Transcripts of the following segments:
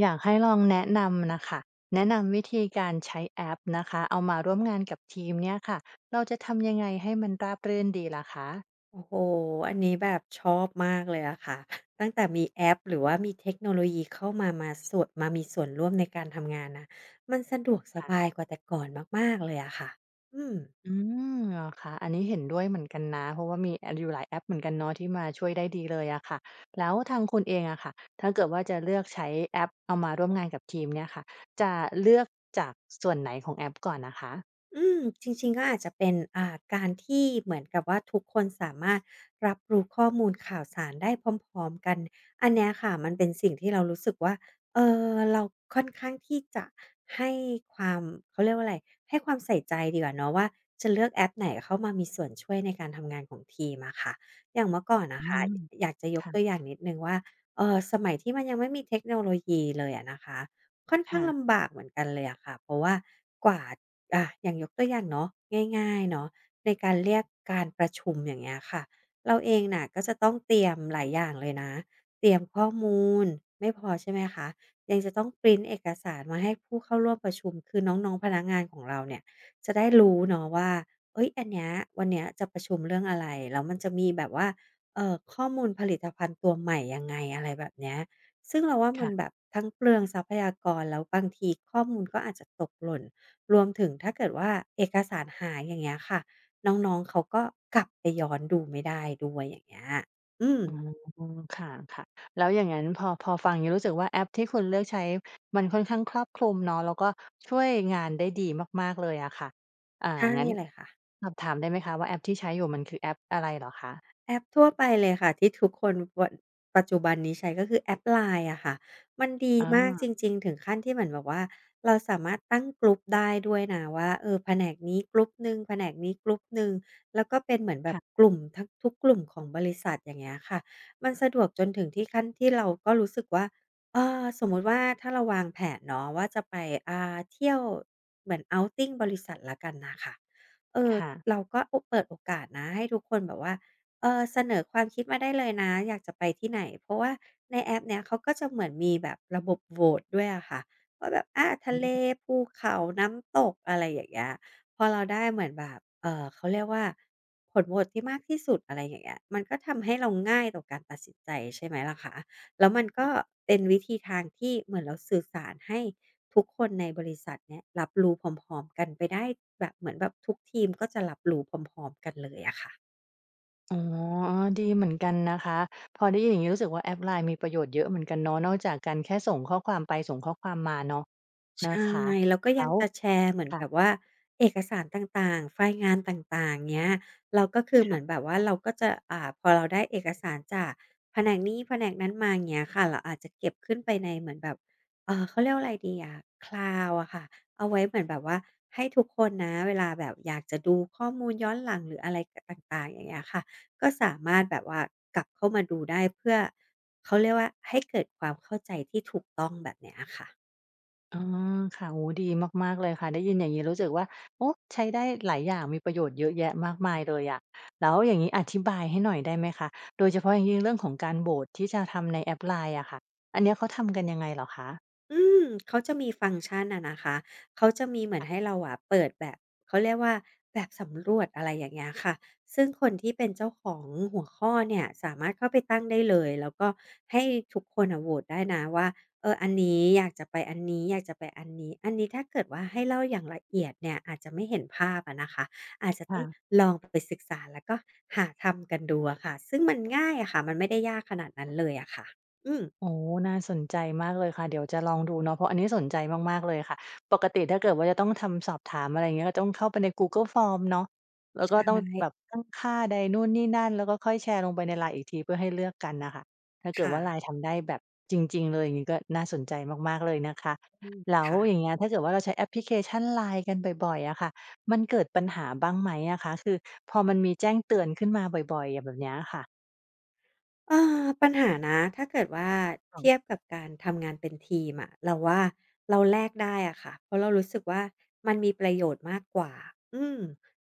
อยากให้ลองแนะนำน่ะค่ะ แนะนำวิธีการใช้แอปนะคะ เอามาร่วมงานกับทีมเนี่ยค่ะ เราจะทำยังไงให้มันราบรื่นดีล่ะคะ? โอ้โฮ! อันนี้แบบชอบมากเลยอะค่ะ ตั้งแต่มีแอปหรือว่ามีเทคโนโลยีเข้ามา มาสั่ว มามีส่วนร่วมในการทำงานนะ มันสะดวกสค่บะ ายกว่าแต่ก่อนมาก ๆ เลยอะค่ะ อืม อืม เหรอคะ? อันนี้เห็นด้วยเหมือนกันนะ เพราะว่ามี อา อยู่ หลาย แอปเหมือนกันเนาะ ที่มาช่วยได้ดีเลยอะค่ะ แล้วทางคุณเองอะค่ะ ถ้าเกิดว่าจะเลือกใช้แอปเอามาร่วมงานกับทีมเนี่ยค่ะ จะเลือกจาก ส ส่วนไหนของแอปก่อนน่ะคะ? อืม! จริง ๆ ก็อาจจะเป็น อ่า การที่เหมือนกับว่าทุกคนสามารถรับรู้ข้อมูลข่าวสารได้พร้อม ๆ กัน อันเนี้ยค่ะ มันเป็นสิ่งที่เรารู้สึกว่า เอ่อ เราค่อนข้างที่จะให้ความ เขาเรียกว่าอะไร ให้ความใส่ใจดีกว่าเนาะว่า จะเลือกแอปไหนเข้ามามีส่วนช่วยในการทำงานของทีมอะค่ะ อย่างเมื่อก่อนนอืะคะ ม อยากจะยคก่ะ ตัวอย่างนิดหนึ่งว่า เออ สมัยที่มันยังไม่มีเทคโนโลยีเลยอะนะคะ ค่อนขค้า่งละ ำบากเหมือนกันเลยอะค่ะ เพราะว่ากว่า อา อย่างยกตัวอย่างเนาะ ง่าย ๆ เนาะ ในการเรียกการประชุม อย่างเงี้ยค่ะ เราเองน่ะก็จะต้องเตรียมหลายอย่างเลยนะ เตรียมข้อมูลไม่พอ ใช่ไหมคะ ยังจะต้องพรินต์เอกสารมาให้ผู้เข้าร่วมประชุม คือน้อง ๆ พนักงานของเราเนี่ย จะได้รู้เนาะว่า เฮ้ย! อันเนี้ย วันเนี้ยจะประชุมเรื่องอะไร แล้วมันจะมีแบบว่า เออ ข้อมูลผลิตภัณฑ์ตัวใหม่ยังไง อะไรแบบเนี้ย ซึ่งเราว่า คมั่นะ แบบทั้งเปลืองทรัพยากร แล้วบางทีข้อมูลก็อาจจะตกหล่น รวมถึงถ้าเกิดว่าเอกสารหาย อย่างเงี้ยค่ะ น้อง ๆ เขาก็กลับไปย้อนดูไม่ได้ด้วย อย่างเงี้ย อืม อืม ค่ะ ๆ แล้วอย่างงั้นพอ พอฟังอย่างงี้ รู้สึกว่าแอปที่คุณเลือกใช้มันค่อนข้างครอบคลุมเนาะ แล้วก็ช่วยงานได้ดีมาก ๆ เลยอะค่ะ อ่า ใช่งั้นเลยค่ะ สอบถามได้ไหมคะว่า แอปที่ใช้อยู่ มันคือแอปอะไรเหรอคะ? แอปทั่วไปเลยค่ะ ที่ทุกคนควร ปัจจุบันนี้ใช้ก็คือแอป LINE อะค่ะ มันดีอมากจา ริง ๆ ถึงขั้นที่เหมือนแบบว่า เราสามารถตั้ง group ได้ด้วยนะว่า เออ แผนกนี้ group หนึ่งแผนกนี้ group หนึ่ง แล้วก็เป็นเหมือนแบคบ่ะ กลุ่มทะ ทุกกลุ่มของบริษัท อย่างเงี้ยค่ะ มันสะดวกจนถึงที่ขั้นที่เราก็รู้สึกว่า เออ สมมุติว่าถ้าเราวางแผนเนาะ ว่าจะไป อา เที่ยว เหมือน outing บริษัทแล้วกันน่ะค่ะ เอ่อ ค่ะ เราก็โอ เปิดโอกาสนะ ให้ทุกคนแบบว่า เออ เสนอความคิดมาได้เลยนะ อยากจะไปที่ไหน เพราะว่าในแอปเนี้ยเขาก็จะเหมือนมีแบบระบบโหวตด้วยอะค่ะ ว่าแบบ อา ทอะเล ืม ภูเขา น้ำตก อะไรอย่างเงี้ย พอเราได้เหมือนแบบ เอ่อ เขาเรียกว่า ผลโหวตที่มากที่สุด อะไรอย่างเงี้ย มันก็ทำให้เราง่ายต่อการตัดสินใจ ใช่ไหมล่ะคะ แล้วมันก็เป็นวิธีทางที่เหมือนเราสื่อสารให้ทุกคนในบริษัทเนี้ย รับรู้พร้อม ๆ กันไปได้ แบบเหมือนแบบทุกทีมก็จะรับรู้พร้อม ๆ กันเลยอะค่ะ อ๋อ ดีเหมือนกันนะคะ พอได้ยินอย่างนี้รู้สึกว่า แอป LINE มีประโยชน์เยอะเหมือนกันเนาะ นอกจากการแค่ส่งข้อความไปส่งข้อความมาเนาะ ในชะ่ คะ แล้วก็แลย้ังว จะแชร์เหมือนค่แบะ บว่าเอกสารต่าง ๆ ไฟล์งานต่าง ๆ เงี้ย เราก็คือ คเหม่ืะ อนแบบว่าเราก็จะ อ่า พอเราได้เอกสารจากแผนกนี้ แผนกนั้นมา เงี้ยค่ะ เราอาจจะเก็บขึ้นไปในเหมือนแบบ เอ่อ เขาเรียกว่าอะไรดีอะ Cloud อะค่ะ เอาไว้เหมือนแบบว่าให้ทุกคนนะ เวลาแบบอยากจะดูข้อมูลย้อนหลัง หรืออะไร ก ต่าง ๆ อย่างเงี้ยค่ะ ก็สามคาร่ถะ แบบว่า กลับเข้ามาดูได้เพื่อ เขาเรียกว่า ให้ เกิดความเข้าใจที่ถูกต้อง แบบเนี้ยค่ะ อ๋อ ค่ะ โอ้โฮ ดีมาก ๆ เลยค่ะ ได้ยินรู้สึกว่า โอ้ ใช้ได้หลายอย่าง มีประโยชน์เยอะแยะมากมายเลยอะ แล้วอย่างงี้อธิบายให้หน่อยได้ไหมคะ โดยเฉพาะอย่างยิ่ง เรื่องของการโหวตที่จะทำในแอป LINE อะค่ะ อันเนี้ยเขาทำกันยังไงเหรอคะ? อืม เขาจะมีฟังก์ชันอะนะคะ เขาจะมีเหมืคอน่ะ ให้เราอะ เปิดแบบ เขาเรียกว่าแบบสำรวจ อะไรอย่างเงี้ยค่ะ ซึ่งคนที่เป็นเจ้าของหัวข้อเนี่ย สามารถเข้าไปตั้งได้เลย แล้วก็ให้ทุกคนน่ะโหวตได้นะว่า เออ อันนี้อยากจะไปอันนี้ อยากจะไปอันนี้ อันนี้ถ้าเกิดว่าให้เล่าอย่างละเอียดเนี่ย อาจจะไม่เห็นภาพอะนะคะ อาจจะคต้่องะ ลองไปศึกษา แล้วก็หาทำกันดูอะค่ะ ซึ่งมันง่ายอะค่ะ มันไม่ได้ยากขนาดนั้นเลยอะค่ะ อืม อ๋อ น่าสนใจมากเลยค่ะ เดี๋ยวจะลองดูเนาะ เพราะอันนี้สนใจมาก ๆ เลยค่ะ ปกติถ้าเกิดว่าจะต้องทำสอบถามอะไรอย่างนี้ก็ต้องเข้าไปใน Google Form เนาะ แล้วใชก็ต้องแ่ บบตั้งค่าใดนู่นนี่นั่น แล้วก็ค่อยแชร์ลงไปใน LINE อีกที เพื่อให้เลือกกันน่ะค่ะ ถ้าเคกิด่ว่า ะ LINE ทำได้แบบจริง ๆ เลยอย่างนี้ก็น่าสนใจมาก ๆ เลยนะคะ อือ แล้คว่ะ อย่างเงี้ย ถ้าเกิดว่าเราใช้แอปพลิเคชัน LINE กันบ่อย ๆ อะค่ะ มันเกิดปัญหาบ้างไหมอะคะ? คือพอมันมีแจ้งเตือนขึ้นมาบ่อย ๆ แบบเนี้ย อะค่ะ เออ ปัญหานะ ถ้าเกิดว่าอ๋เอทง ียบกับการทำงานเป็นทีมอะ เราว่าเราแลกได้อะค่ะ เพราะเรารู้สึกว่า มันมีประโยชน์มากกว่า อืม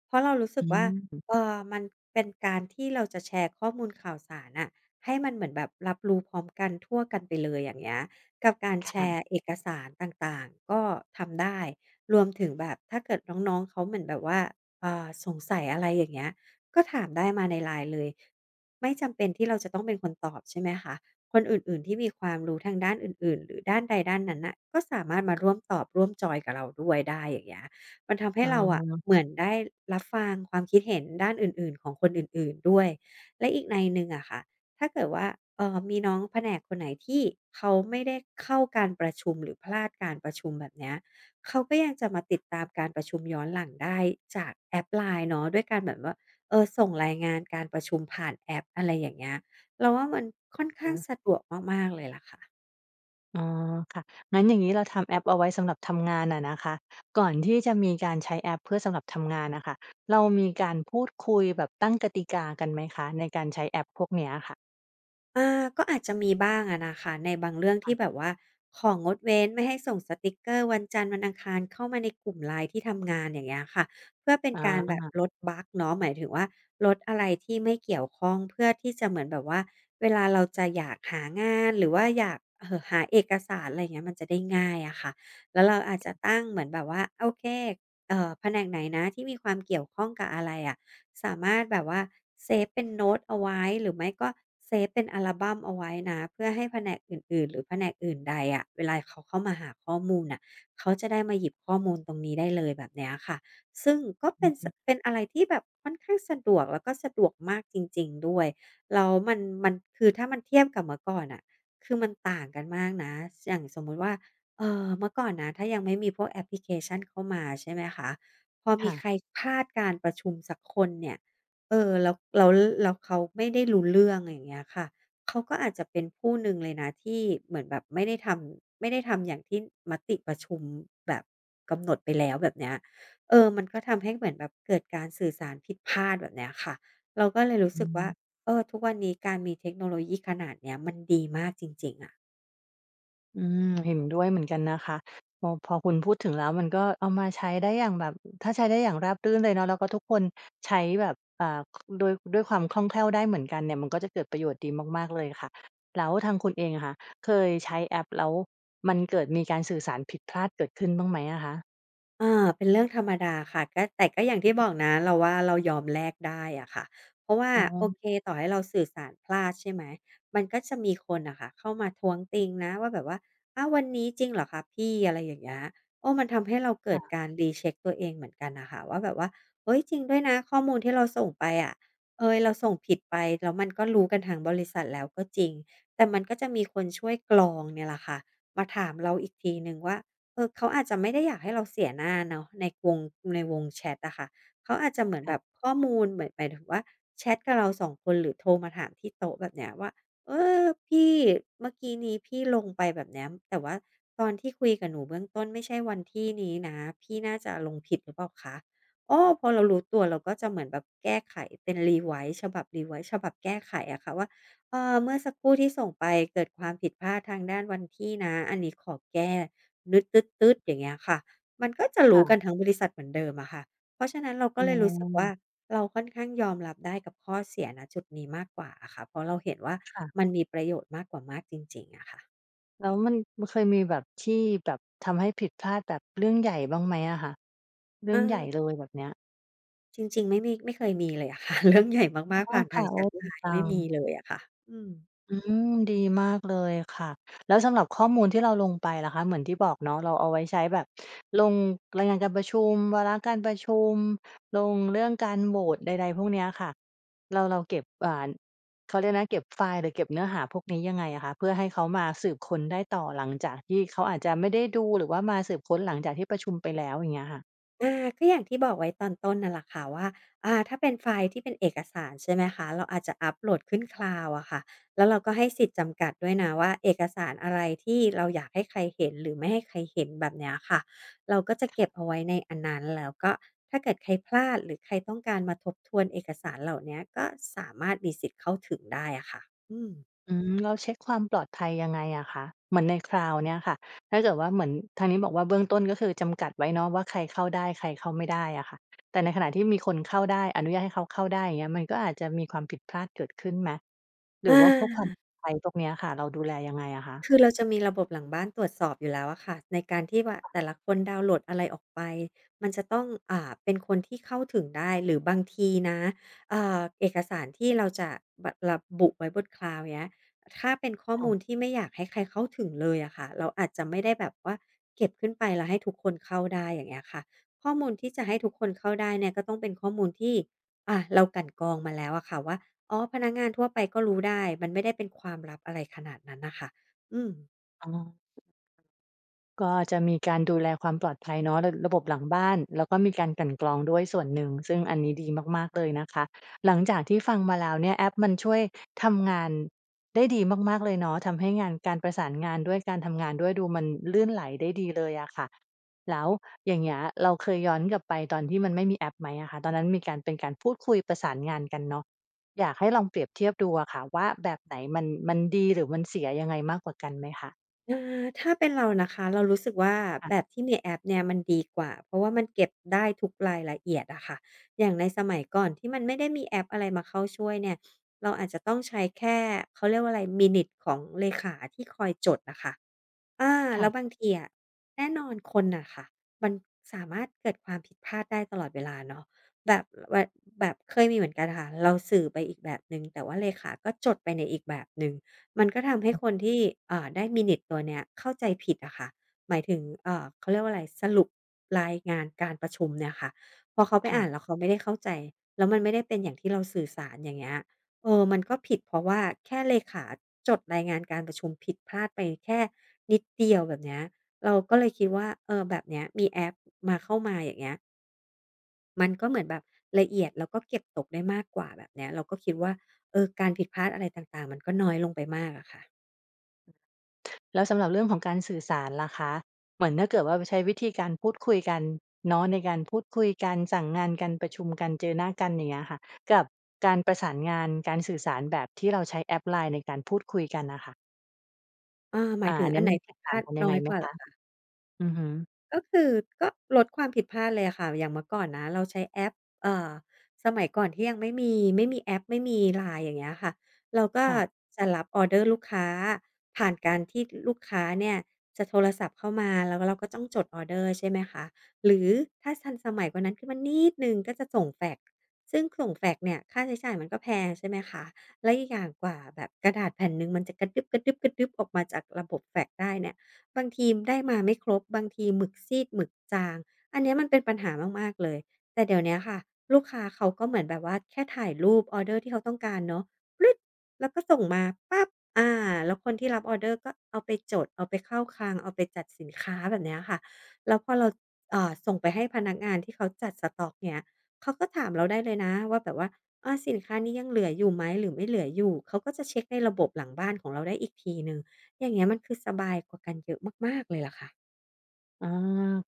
เพราะเรารู้สอึืกว่า ม เออ มันเป็นการที่เราจะแชร์ข้อมูลข่าวสารน่ะให้มันเหมือนแบบรับรู้พร้อมกันทั่วกันไปเลย อย่างเงี้ย กับการคแช่ระ ์เอกสารต่าง ๆ ก็ทำได้ รวมถึงแบบถ้าเกิดน้อง ๆ เขาเหมือนแบบว่า อ่า สงสัยอะไร อย่างเงี้ย ก็ถามได้มาใน LINE เลย ไม่จำเป็นที่เราจะต้องเป็นคนตอบ ใช่ไหมคะ คนอื่น ๆ ที่มีความรู้ทางด้านอื่น ๆ หรือด้านใดด้านนั้นน่ะก็สามารถมาร่วมตอบ ร่วมจอยน์กับเราด้วยได้ อย่างเงี้ย มันทำให้อ้เราอะเหอ มือนได้รับฟังความคิดเห็นด้านอื่น ๆ ของคนอื่น ๆ ด้วย และอีกนัยหนึ่งอะค่ะ ถ้าเกิดว่า เอ่อ มีน้องแผนกคนไหนที่เขาไม่ได้เข้าการประชุม หรือพลาดการประชุม แบบเนี้ย เขาก็ยังจะมาติดตามการประชุมย้อนหลังได้จากแอป LINE เนาะ ด้วยการแบบว่า เออ ส่งรายงานการประชุมผ่านแอป อะไรอย่างเงี้ย เราว่ามันค่อนข้อางา สะดวกมาก ๆ เลยล่ะค่ะ อ๋อ ค่ะ งั้นอย่างนี้เราทำแอปเอาไว้สำหรับทำงานอะนะคะ ก่อนที่จะมีการใช้แอปเพื่อสำหรับทำงานอะค่ะ เรามีการพูดคุยแบบตั้งกติกากันไหมคะ ในการใช้แอปพวกเนี้ยค่ะ? อา ก็อาจจะมีบ้างอะนะคะ ในบางเรื่องคท่ีะ ่แบบว่าของดเว้น ไม่ให้ส่งสติกเกอร์วันจันทร์ วันอังคารเข้ามาในกลุ่ม LINE ที่ทำงาน อย่างเงี้ยค่ะ เพื่อเป็นการอแบบา ลดบักเนาะ หมายถึงว่าลดอะไรที่ไม่เกี่ยวข้อง เพื่อที่จะเหมือนแบบว่า เวลาเราจะอยากหางาน หรือว่าอยาก เอ่อ หาเอกสาร อะไรอย่างเงี้ย มันจะได้ง่ายอะค่ะ แล้วเราอาจจะตั้งเหมือนแบบว่า โอเค เอ่อ แผนกไหนนะ ที่มีความเกี่ยวข้องกับอะไรอะ สามารถแบบว่าเซฟเป็นโน้ตเอาไว้ หรือไม่ก็เซฟเป็นอัลบัมเอาไว้นะ เพื่อให้แผนกอื่น ๆ หรือแผนกอื่นใดอะ เวลาเขาเข้ามาหาข้อมูลน่ะ เขาจะได้มาหยิบข้อมูลตรงนี้ได้เลย แบบเนี้ยค่ะ ซึ่งก็เปอื็น อฮส ึ เป็นอะไรที่แบบค่อนข้างสะดวก แล้วก็สะดวกมากจริง ๆ ด้วย แล้วมัน มันคือ ถ้ามันเทียบกับเมื่อก่อนน่ะ คือ มันต่างกันมากนะ ส อย่างสมมติว่า เอ่อ เมื่อก่อนนะ ถ้ายังไม่มีพวกแอปพลิเคชันเข้ามาใช่ไหมคะ พอมค่ีใคะ รพลาดการประชุมสักคนเนี่ย เออ แล้ว แล้ว แล้วเขาไม่ได้รู้เรื่อง อย่างเงี้ยค่ะ เขาก็อาจจะเป็นผู้หนึ่งเลยนะ ที่เหมือนแบบไม่ได้ทำ ไม่ได้ทำอย่างที่มติประชุมแบบกำหนดไปแล้ว แบบเนี้ย เออ มันก็ทำให้เหมือนแบบ เกิดการสื่อสารผิดพลาด แบบเนี้ยค่ะ เราก็เลยรู้อสืึกว่า อ เออ ทุกวันนี้การมีเทคโนโลยีขนาดเนี้ย มันดีมากจริง ๆ อะ อืม เห็นด้วยเหมือนกันนะคะ พอ พอคุณพูดถึงแล้วมันก็เอามาใช้ได้อย่างแบบ อ ถ้าใช้ได้อย่างราบรื่นเลยเนาะ แล้วก็ทุกคน ใช้แบบ อ่า ค ด้วย ด้วยความคล่องแคล่วได้เหมือนกันเนี่ย มันก็จะเกิดประโยชน์ดีมาก ๆ เลยค่ะ แล้วทางคุณเองอะค่ะ เคยใช้แอปแล้วมันเกิดมีการสื่อสารผิดพลาดเกิดขึ้นบ้างไหมอะคะ? เอ่อ เป็นเรื่องธรรมดาค่ะ ก็ แต่ก็อย่างทอีือ่ฮบึ อกนะ เราว่าเรายอมแลกได้อะค่ะ เพราะว่า อ๋โออ เค ต่อให้เราสื่อสารพลาดใช่ไหม มันก็จะมีคนน่ะค่ะเข้ามาท้วงติงนะว่าแบบว่า "อ้าว วันนี้จริงเหรอคะพี่" อะไรอย่างเงี้ย เออ มันทำให้เราเกคิ่ดะ การ recheck ตัวเองเหมือนกันน่ะค่ะ ว่าแบบว่า เฮ้ย จริงด้วยนะ ข้อมูลที่เราส่งไปอะ เอย เราส่งผิดไป แล้วมันก็รู้กันทั้งบริษัทแล้วก็จริง แต่มันก็จะมีคนช่วยกรองเนี่ยล่ะค่ะ มาถามเราอีกทีหนึ่งว่า เออ เขาอาจจะไม่ได้อยากให้เราเสียหน้าเนาะในวง ในวงแชตอะค่ะ เขาอาจจะเหมือนค่แะ บบ ข้อมูล หมาย หมายถึงว่าแชตกับเรา 2 คน หรือโทรมาถามที่โต๊ะ แบบเนี้ยว่า "เออ พี่ เมื่อกี้นี้พี่ลงไปแบบเนี้ย แต่ว่าตอนที่คุยกับหนูเบื้องต้นไม่ใช่วันที่นี้นะ พี่น่าจะลงผิดหรือเปล่าคะ" โอ้ พอเรารู้ตัวเราก็จะเหมือนแบบแก้ไขเป็น revise ฉบับ revise ฉบับแก้ไขอะค่ะว่า เออ เมื่อสักครู่ที่ส่งไปเกิดความผิดพลาดทางด้านวันที่นะ อันนี้ขอแก้ นึด ตื้ด ๆ อย่างเงี้ยค่ะ มันก็จะครู่้กะ ันทั้งบริษัทเหมือนเดิมอะค่ะ เพราะฉะนั้นเรากอ็้เลยรู้สึกว่า อ เราค่อนข้างยอมรับได้กับข้อเสีย ณ จุดนี้มากกว่าอะค่ะ เพราะเราเห็นว่าค่ะ มันมีประโยชน์มากกว่ามากจริง ๆ อะค่ะ แล้ว มัน มันเคยมีแบบที่ แบบทำให้ผิดพลาด แบบเรื่องใหญ่บ้างไหมอะคะ? เรืเ่องใหญ่ออ เลยแบบเนี้ย? จริง ๆ ไม่มี ไม่เคยมีเลยอะ ค่ะ เรื่องใหญ่อ๋อ มาก ๆ ผ่านคทา่ะ งโแชอ้! ต ดีจLINE ัไม่มีง เลยอะค่ะ อืม อืม ดีมากเลยค่ะ แล้วสำหรับข้อมูลที่เราลงไปล่ะคะ? เหมือนที่บอกเนาะ เราเอาไว้ใช้แบบลงรายงานการประชุม วาระการประชุม ลงเรื่องการโหวตใด ๆ พวกเนี้ยค่ะ เรา เราเก็บ อ่าน เขาเรียกไรนะ เก็บไฟล์หรือเก็บเนื้อหาพวกนี้ยังไงอะคะ? เพื่อให้เขามาสืบค้นได้ต่อหลังจากที่เขาอาจจะไม่ได้ดู หรือว่ามาสืบค้นหลังจากที่ประชุมไปแล้ว อย่างเงี้ยค่ะ อา ก็อย่างที่บอกไว้ตอนต้นน่ะล่ะค่ะว่า อ่า ถ้าเป็นไฟล์ที่เป็นเอกสาร ใช่ไหมคะ เราอาจจะอัปโหลดขึ้น Cloud อะค่ะ แล้วเราก็ให้สิทธิ์จำกัดด้วยนะว่า เอกสารอะไรที่เราอยากให้ใครเห็น หรือไม่ให้ใครเห็น แบบเนี้ยค่ะ เราก็จะคเก่็บะ เอาไว้ในอันนั้น แล้วก็ถ้าเกิดใครพลาด หรือใครต้องการมาทบทวนเอกสารเหล่าเนี้ย ก็สามารถมีสิทธิ์เข้าถึงได้อะค่ะ อืม อืม แล้วเช็กความปลอดภัยยังไงอะคะ? เหมือนใน Cloud เนี้ยค่ะ ถ้าเกิดว่าเหมือน ทางนี้บอกว่า เบื้องต้นก็คือจำกัดไว้เนาะว่า ใครเข้าได้ ใครเข้าไม่ได้อะค่ะ แต่ในขณะที่มีคนเข้าได้ อนุญาตให้เขาเข้าได้ อย่างเงี้ย มันก็อาจจะมีความผิดพลาดเกิดขึ้นไหม? หรอือว่าพวกความปา! ลอดภัยพวกเนี้ยอะค่ะ เราดูแลยังไงอะคะ? คือเรา จะมีระบบหลังบ้านตรวจสอบอยู่แล้วอะค่ะ ในการที่ว่า แต่ละคนดาวน์โหลดอะไรออกไป มันจะต้อง อ่า เป็นคนที่เข้าถึงได้ หรือบางทีนะ อ่า เอกสารที่เราจะแบ ระบุไว้บน Cloud เงี้ย ถ้าเป็นข้อค่มูะ ลที่ไม่อยากให้ใครเข้าถึงเลยอะค่ะ เราอาจจะไม่ได้แบบว่าเก็บขึ้นไป แล้วให้ทุกคนเข้าได้ อย่างเงี้ยค่ะ ข้อมูลที่จะให้ทุกคนเข้าได้เนี่ย ก็ต้องเป็นข้อมูลที่ อา เรากลั่นกรองมาแล้วอะค่ะว่า อ๋อ พนักงานทั่วไปก็รู้ได้ มันไม่ได้เป็นความลับอะไรขนาดนั้นอะค่ะ อืม อ๋อ ก็จะมีการดูแลความปลอดภัยเนาะ ร ระบบหลังบ้าน แล้วก็มีการกลั่นกรองด้วยส่วนหนึ่ง ซึ่งอันนี้ดีมาก ๆ เลยนะคะ หลังจากที่ฟังมาแล้วเนี่ย แอปมันช่วยทำงานได้ดีมาก ๆ เลยเนาะ ทำให้งาน การประสานงานด้วย การทำงานด้วย ดูมันลื่นไหลได้ดีเลยอะค่ะ แล้วอย่างเงี้ย เราเคยย้อนกลับไปตอนที่มันไม่มีแอปไหมอะคะ? ตอนนั้นมีการ เป็นการพูดคุยประสานงานกันเนาะ อยากให้ลองเปรียบเทียบดูอะค่ะว่าแบบไหนมัน มันดี หรือมันเสียยังไงมากกว่ากันไหมคะ? อา ถ้าเป็นเรานะคะ เรารู้สึกว่า ค่แะ บบที่มีแอปเนี่ยมันดีกว่า เพราะว่ามันเก็บได้ทุกรายละเอียดอะค่ะ อย่างในสมัยก่อนที่มันไม่ได้มีแอปอะไรมาเข้าช่วยเนี่ย เราอาจจะต้องใช้แค่ เขาเรียกว่าไร Minutes ของเลขาที่คอยจดอะค่ะ อา! คแ่ล้ะ วบางทีอะ แน่นอนคนน่ะค่ะ มันสามารถเกิดความผิดพลาดได้ตลอดเวลาเนาะ แบบ วัย แบบเคยมีเหมือนกันค่ะ เราสื่อไปอีกแบบหนึ่ง แต่ว่าเลขาก็จดไปในอีกแบบหนึ่ง มันก็ทำให้อือ คนที่ อ่า ได้ Minutes ตัวเนี้ยเข้าใจผิดอะค่ะ หมายถึง เอ่อ เขาเรียกว่าไร สรุปรายงานการประชุมเนี่ยค่ะ พอเขาไปค่อ่ะ านแล้วเขาไม่ได้เข้าใจ แล้วมันไม่ได้เป็นอย่างที่เราสื่อสาร อย่างเงี้ย เออ มันก็ผิด เพราะว่าแค่เลขาจดรายงานการประชุมผิดพลาดไปแค่นิดเดียว แบบเนี้ย เราก็เลยคิดว่า เออ แบบเนี้ยมีแอปมา เข้ามา อย่างเงี้ย มันก็เหมือนแบบละเอียด แล้วก็เก็บตกได้มากกว่า แบบเนี้ย เราก็คิดว่า เออ การผิดพลาดอะไรต่าง ๆ มันก็น้อยลงไปมากอะค่ะ แล้วสำหรับเรื่องของการสื่อสารล่ะคะ? เหมือนถ้าเกิดว่าไปใช้วิธีการพูดคุยกันเนาะ ในการพูดคุยกัน สั่งงานกัน ประชุมกัน เจอหน้ากัน อย่างเงี้ยค่ะ กับการประสานงาน การสื่อสารแบบที่เราใช้แอป LINE ในการพูดคุยกันน่ะค่ะ เอ่อ หมาอา ยถึองันนอัั้นนไหนมันแผติดกพต่ลาางดกันยนั้งอไงยไหกมว่าเหคระ? อคะ? อือฮึ ก็คือ ก็ลดความผิดพลาดเลยอะค่ะ อย่างเมื่อก่อนนะเราใช้แอป เอ่อ สมัยก่อนที่ยังไม่มี ไม่มีแอป ไม่มี LINE อย่างเงี้ยค่ะ เราก็ค่ะ จะรับออเดอร์ลูกค้าผ่านการที่ ล ลูกค้าเนี่ยจะโทรศัพท์เข้ามา แล้ว แล้วก็ต้องจดออเดอร์ ใช่ไหมคะ หรือถ้าทันสมัยกว่านั้นขึ้นมานิดหนึ่งก็จะส่งแฟกซ์ ซึ่งส่งแฟกซ์เนี่ยค่าใช้จ่ายมันก็แพง ใช่ไหมคะ แล้วอีกอย่างกว่าแบบกระดาษแผ่นหนึ่งมันจะกระดึ๊บ ๆ ๆ ออกมาจากระบบแฟกซ์ได้เนี่ย บางทีได้มาไม่ครบ บางทีหมึกซีด หมึกจาง อันเนี้ยมันเป็นปัญหามาก ๆ เลย แต่เดี๋ยวเนี้ยค่ะ ลูกค้าเขาก็เหมือนแบบว่าแค่ถ่ายรูปออเดอร์ที่เขาต้องการเนาะ กริ๊ก แล้วก็ส่งมาปั๊บ อา แล้วคนที่รับออร์เดอร์ก็เอาไปจด เอาไปเข้าคลัง เอาไปจัดสินค้า แบบเนี้ยค่ะ แล้วพอเรา ส เอ่อ ส่งไปให้พนักงานที่เขาจัดสต๊อกเงี้ย เขาก็ถามเราได้เลยนะว่าแบบว่า "อา สินค้านี้ยังเหลืออยู่ไหม หรือไม่เหลืออยู่?" เขาก็จะเช็กในระบบหลังบ้านของเราได้อีกทีหนึ่ง อย่างเงี้ย มันคือสบายกว่ากันเยอะมาก ๆ เลยล่ะค่ะ อา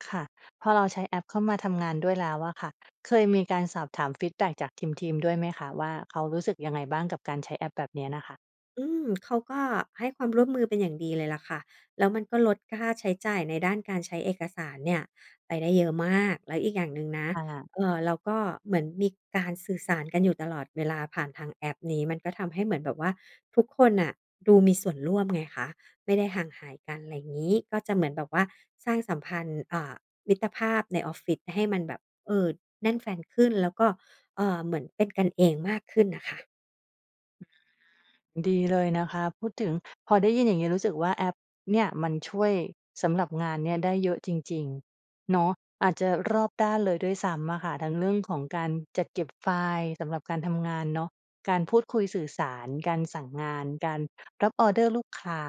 ค่ะ พอเราใช้แอปเข้ามาทำงานด้วยแล้วอะค่ะ เคยมีการสอบถามฟีดแบ็กจากทีม ๆ ด้วยไหมคะว่า เขารู้สึกยังไงบ้างกับการใช้แอปแบบเนี้ยน่ะค่ะ? อืม! เขาก็ให้ความร่วมมือเป็นอย่างดีเลยล่ะค่ะ แล้วมันก็ลดค่าใช้จ่ายในด้านการใช้เอกสารเนี่ยไปได้เยอะมาก แล้วอีกอย่างหนึ่งนะ ค่ะ เอ่อ เราก็เหมือนมีการสื่อสารกันอยู่ตลอดเวลาผ่านทางแอปนี้ มันก็ทำให้เหมือนแบบว่าทุกคนน่ะดูมีส่วนร่วมไงคะ ไม่ได้ห่างหายกัน ไรงี้ ก็จะเหมือนแบบว่าสร้างสัมพันธ์ อ่า มิตรภาพในออฟฟิศให้มันแบบ เออ แน่นแฟ้นขึ้น แล้วก็ เอ่อ เหมือนเป็นกันเองมากขึ้นน่ะค่ะ อา ดีเลยนะคะ พูดถึง พอได้ยินอย่างงี้รู้สึกว่า แอปเนี่ยมันช่วยสำหรับงานเนี่ยได้เยอะจริง ๆ เนาะ อาจจะรอบด้านเลยด้วยซ้ำอะค่ะ ทั้งเรื่องของการจัดเก็บไฟล์สำหรับการทำงานเนาะ การพูดคุยสื่อสาร การสั่งงาน การรับออร์เดอร์ลูกค้า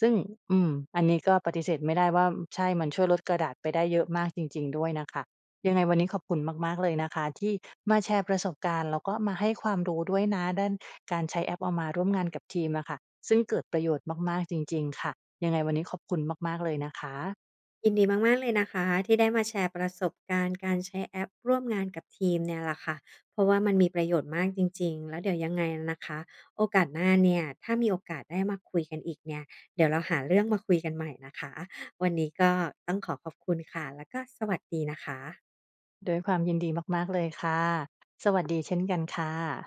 ซึ่ง อืม อันนี้ก็ปฏิเสธไม่ได้ว่า ใช่ มันช่วยลดกระดาษไปได้เยอะมากจริง ๆ ด้วยน่ะค่ะ ยังไงวันนี้ขอบคุณมาก ๆ เลยนะคะที่มาแชร์ประสบการณ์ แล้วก็มาให้ความรู้ด้วยนะ ด้านการใช้แอปเอามาร่วมงานกับทีมอะค่ะ ซึ่งเกิดประโยชน์มาก ๆ จริง ๆ ค่ะ ยังไงวันนี้ขอบคุณมาก ๆ เลยนะคะ ยินดีมาก ๆ เลยนะคะ ที่ได้มาแชร์ประสบการณ์การใช้แอปร่วมงานกับทีมเนี่ยล่ะค่ะ เพราะว่ามันมีประโยชน์มากจริง ๆ แล้วเดี๋ยวยังไงนะคะ โอกาสหน้าเนี่ย ถ้ามีโอกาสได้มาคุยกันอีกเนี่ย เดี๋ยวเราหาเรื่องมาคุยกันใหม่นะคะ วันนี้ก็ต้องขอขอบคุณค่ะ แล้วก็สวัสดีนะคะ ด้วยความยินดีมาก ๆ เลยค่ะ สวัสดีเช่นกันค่ะ